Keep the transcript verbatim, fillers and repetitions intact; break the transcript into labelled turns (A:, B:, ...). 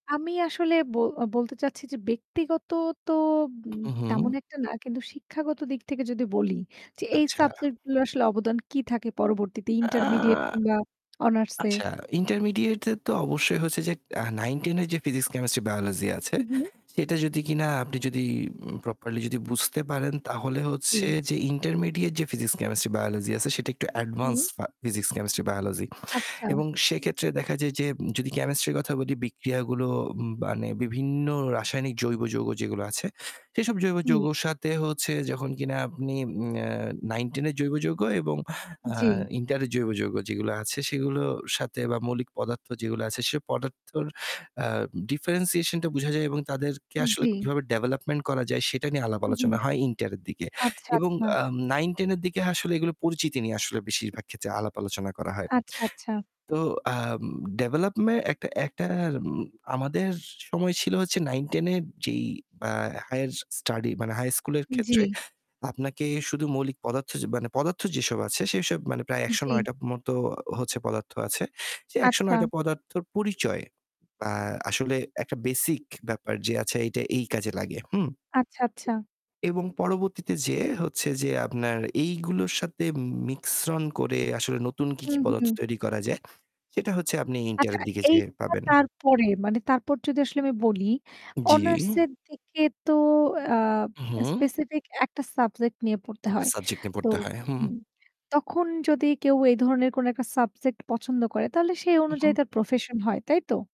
A: আমি আসলে ব বলতে চাচ্ছি যে ব্যক্তিগত তো
B: হু,
A: তেমন
B: হু।
A: একটা না কিন্তু শিক্ষাগত দিক থেকে যদি বলি যে এই
B: আচ্ছা।
A: সাবজেক্ট গুলো আসলে অবদান কি থাকে পরবর্তীতে
B: আ
A: ইন্টারমিডিয়েট কিংবা অনার্সে
B: আচ্ছা, ইন্টারমিডিয়েট-এ তো অবশ্যই হচ্ছে যে আ নাইন-টেন এর যে ফিজিকস, কেমিস্ট্রি বায়োলজি আছে
A: হু, হু।
B: এটা যদি কিনা আপনি যদি প্রপারলি বুঝতে পারেন তাহলে হচ্ছে
A: জি।
B: যে ইন্টারমিডিয়েট যে ফিজিকস, কেমিস্ট্রি বায়োলজি আছে সেটা একটু অ্যাডভান্স
A: হুম।
B: ফিজিক্স, কেমিস্ট্রি বায়োলজি
A: আচ্ছা।
B: এবং সেক্ষেত্রে দেখা যায় যে যদি কেমিস্ট্রির কথা বলি বিক্রিয়াগুলো মানে বিভিন্ন রাসায়নিক জৈব যৌগ যেগুলো আছে, সেসব জৈব
A: জি।
B: যৌগের সাথে হচ্ছে যখন কিনা আপনি আম আ নাইন-টেন এর জৈব যৌগ এবং আ
A: জি।
B: ইন্টারের জৈব যৌগ যেগুলো আছে সেগুলোর সাথে মৌলিক পদার্থ যেগুলো আছে সে পদার্থর আ ডিফারেনশিয়েশন টা বুঝা যায় এবং তাদেরকে আসলে
A: জি।
B: কীভাবে ডেভেলপমেন্ট করা যায় সেটা নিয়ে আলাপ
A: হুম, হুম।
B: আলোচনা হয় ইন্টার এর দিকে।
A: আচ্ছা,
B: এবং
A: আচ্ছা।
B: আ নাইন-টেন এর দিকে আসলে এগুলো পরিচিতি নিয়ে আসলে বেশিরভাগ ক্ষেত্রে আলাপ আলোচনা করা হয়।
A: আচ্ছা, আচ্ছা।
B: তো আ ডেভেলপমেন্ট একটা একটা উম আমাদের সময় ছিল হচ্ছে নাইন-টেন এ যেই আ হাইয়ার স্টাডি মানে হাই স্কুলের ক্ষেত্রে
A: জি।
B: আপনাকে শুধু মৌলিক পদার্থ য মানে পদার্থ যেসব আছে সেসব প্রায় একশো
A: জি।
B: নয় টার মতো হচ্ছে পদার্থ আছে। যে একশো নয়
A: আচ্ছা।
B: টা পদার্থর পরিচয় আ আসলে একটা বেসিক ব্যাপার যে এটা এই কাজে লাগে। হুম?
A: আচ্ছা, আচ্ছা।
B: এবং পরবর্তীতে যেয়ে হচ্ছে যে আপনার এইগুলোর সাথে মিকশ্রন করে আসলে নতুন কী, কী
A: হুম,
B: পদার্থ
A: হুম।
B: তৈরি করা যায়, সেটা হচ্ছে আপনি ইন্টার
A: আচ্ছা
B: এর দিকে যেয়ে
A: এইটা
B: পাবেন।
A: তারপরে মানে তারপর যদি আসলে আমি বলি অনার্স
B: জি।
A: এর দিকে তো আ
B: হুম।
A: স্পেসিফিক একটা সাবজেক্ট নিয়ে পড়তে
B: এক টা
A: হয়।
B: সাবজেক্ট নিয়ে
A: তো
B: পড়তে হয়। হুম।
A: তখন যদি কেউ এই ধরনের কোনো একটা সাবজেক্ট পছন্দ করে তাহলে সেই
B: হু, হুম।
A: অনুযায়ী তার প্রফেশন হয়, তাই তো?